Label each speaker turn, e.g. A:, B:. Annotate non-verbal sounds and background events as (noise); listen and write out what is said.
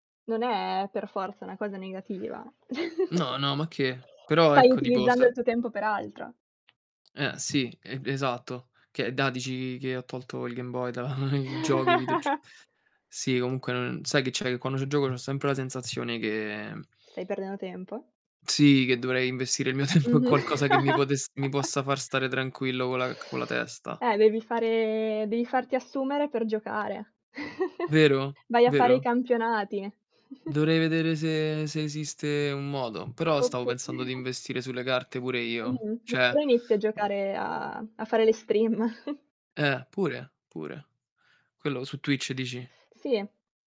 A: Non è per forza una cosa negativa.
B: No,
A: (chuckles)
B: no, ma che. Però
A: Stai
B: ecco, tipo
A: utilizzando
B: se
A: il tuo tempo per altro.
B: Eh sì e esatto, che è da dici che ho tolto il Game Boy da il gioco, i videog
A: (chuckles)
B: sì comunque non sai che c'è? Che quando ci gioco c'ho sempre la sensazione che
A: Stai perdendo tempo?
B: Sì, che dovrei investire il mio tempo in
A: Mh-mh.
B: qualcosa che mi potesse mi possa
A: (chuckles)
B: far stare tranquillo con la con la c testa.
A: Eh devi fare devi farti assumere per giocare. (chuckles)
B: Vero?
A: Vai a fare i
B: Vero?
A: campionati. (chuckles)
B: Dovrei vedere se se esiste un modo, però stavo
A: Oppu
B: pensando di investire sulle carte pure io,
A: Mh-mh,
B: cioè
A: oppure inizi a giocare a a fare le stream. (chuckles)
B: Eh, pure, pure. Quello su Twitch dici?
A: Sì.